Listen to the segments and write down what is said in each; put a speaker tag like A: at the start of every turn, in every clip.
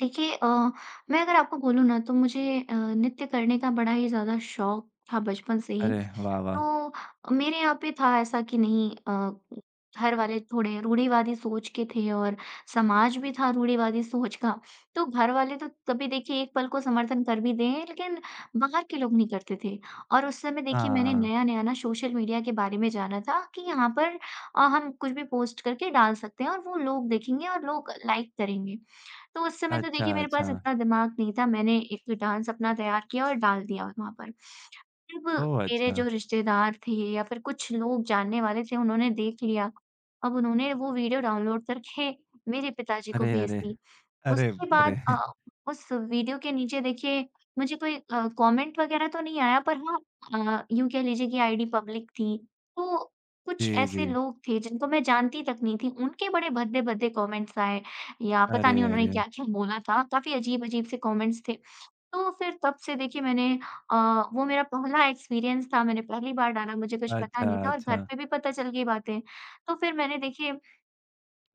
A: देखिए अ, मैं अगर आपको बोलूँ ना तो मुझे अ, नृत्य करने का बड़ा ही ज़्यादा शौक था बचपन से ही।
B: अरे वाह, वाह!
A: तो, मेरे यहाँ पे था ऐसा कि नहीं अ, घरवाले थोड़े रूढ़िवादी सोच के थे और समाज भी था रूढ़िवादी सोच का, तो घरवाले तो कभी देखिए 1 पल को समर्थन कर भी दें, लेकिन बाहर के लोग नहीं करते थे। और उस समय देखिए मैंने
B: हाँ।
A: नया-नया ना सोशल मीडिया के बारे में जाना था कि यहाँ पर अ, हम कुछ भी पोस्ट करके डाल सकते हैं और वो लोग देखेंगे और लोग लाइक करेंगे। तो उस समय तो देखिए
B: अच्छा,
A: मेरे पास
B: अच्छा।
A: इतना दिमाग नहीं था, मैंने एक डांस अपना तैयार किया और डाल दिया वत वहाँ पर। जब
B: ओह!
A: मेरे जो
B: अच्छा।
A: रिश्तेदार थे या फिर कुछ लोग जानने वाले थे उन्होंने देख लिया, अब उन्होंने वो विडिओ डाउनलोड करके मेरे पिता जी को
B: अरे,
A: भेज
B: अरे।
A: दी।
B: अरे,
A: उसके
B: व अरे।
A: बाद अ, उस विडियो के नीचे देखिए मुझे कोई अ, कॉमेन्ट वगैरह तो नहीं, आया पर हाँ अ, यूँ कह लीजिए कि आईडी पब्लिक थी, तो कुछ
B: जी,
A: ऐसे
B: जी।
A: लोग थे जिनको मैं जानती तक नहीं थी, उनके बड़े भद्दे-भद्दे कॉमेंट्स आए या पता
B: अरे,
A: नहीं उन्होंने
B: अरे।
A: क्या-क्या बोला था, काफ़ी अजीब-अजीब से कॉमेंट्स थे। तो फिर तब से देखिए मैंने अ, वो मेरा पहला एक्सपीरियंस था मैंने पहली बार डाला, मुझे कुछ पता
B: अच्छा,
A: नहीं था और घर
B: अच्छा।
A: पे भी पता चल गई बातें। तो फिर मैंने देखिए,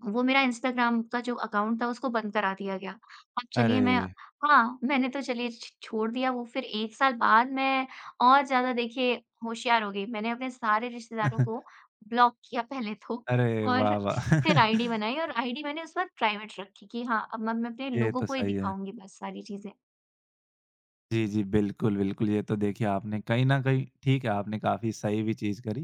A: वो मेरा इंस्टाग्राम का जो अकाउंट था उसको बंद करा दिया गया। अब चलिए मैं
B: अरे!
A: हाँ, मैंने तो चलिए छ छोड़ दिया वो, फिर 1 साल बाद मैं और ज़्यादा देखिए होशियार हो गई। मैंने अपने सारे रिश्तेदारों को ब्लॉक किया पहले तो
B: अरे
A: और
B: वाह, वाह!
A: फिर आईडी बनाई और आईडी मैंने उस वक़्त प्राइवेट रखी कि हाँ, अब मैं म अपने
B: ये
A: लोगों
B: तो
A: को ही
B: सही है।
A: दिखाऊँगी बस सारी चीज़ें।
B: जी, जी। बिल्कुल, बिल्कुल, ये तो देखिए आपने कहीं न कहीं ठीक है, आपने काफ़ी सही भी चीज करी।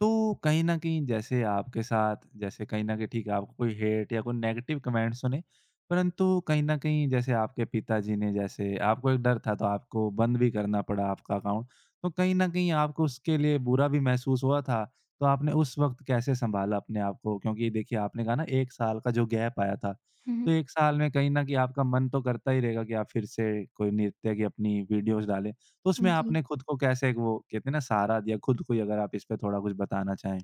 B: तो कहीं न कहीं जैसे आपके साथ जैसे कहीं न कहीं ठीक है, आपको कोई हेट या कोई नेगेटिव कमेंट्स सुने। परंतु कहीं न कहीं जैसे आपके पिता जी ने जैसे आपको एक डर था तो आपको बंद भी करना पड़ा आपका अकाउंट। तो कहीं न कहीं आपको उसके लिए बुरा भी महसूस हुआ था, तो आपने उस वक़्त कैसे सँभाला अपने आप को? क्योंकि देखिए आपने कहा ना 1 साल का जो गैप आया था,
A: हुँ,
B: तो
A: हुँ।
B: 1 साल में कहीं न कहीं आपका मन तो करता ही रहेगा कि आप फिर से कोई नृत्य की अपनी वीडियोज़ डालें। तो उसमें
A: उम,
B: आपने
A: जी।
B: खुद को कैसे वो कहते हैं ना, सहारा दिया? खुद को ही अगर आप इस पे थोड़ा कुछ बताना चाहें।